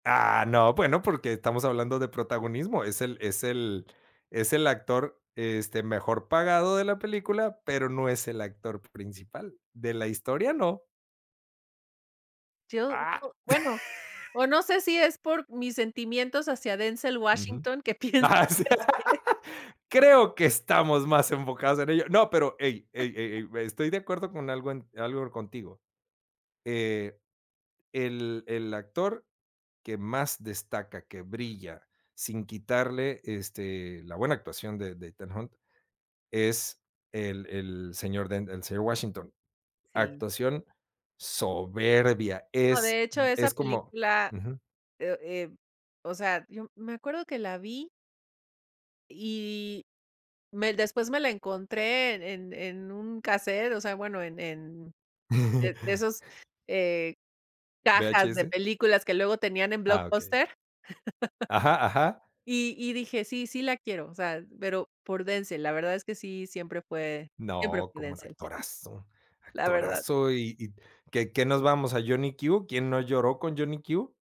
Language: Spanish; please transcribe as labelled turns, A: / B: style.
A: Ah, no, bueno, porque estamos hablando de protagonismo, es el es el es el actor, este, mejor pagado de la película, pero no es el actor principal. De la historia, no.
B: Yo
A: Ah.
B: digo, bueno, o no sé si es por mis sentimientos hacia Denzel
A: Ujú.
B: Washington, que pienso.
A: Ajá, sí.
B: [unintelligible]
A: Creo que estamos mas enfocados en ello. No, pero, ey, ey, ey, estoy de acuerdo con algo algo contigo. Eh, el el actor, que más destaca, que brilla, sin quitarle, este, la buena actuación de de, Ethan Hawke es el el señor el señor Washington.
B: Sí
A: Actuación soberbia,
B: No,
A: es,
B: de hecho, esa
A: es como
B: película,
A: Ujú.
B: eh eh, o sea, yo, me acuerdo que la vi y me después me la encontré en en en un cassette, o sea, bueno, en en de esos eh, cajas de
A: ¿VHS?
B: películas que luego tenían en
A: Ah, okey.
B: Blockbuster.
A: Ajá, ajá.
B: Y y dije, sí, sí la quiero. O sea, pero por Denzel, la verdad es que sí, siempre fue, siempre
A: No,
B: fui
A: como un
B: Denzel.
A: actorazo,
B: La verdad.
A: actorazo y y qué qué nos vamos a Johnny Q. ¿Quién no lloró con Johnny Q?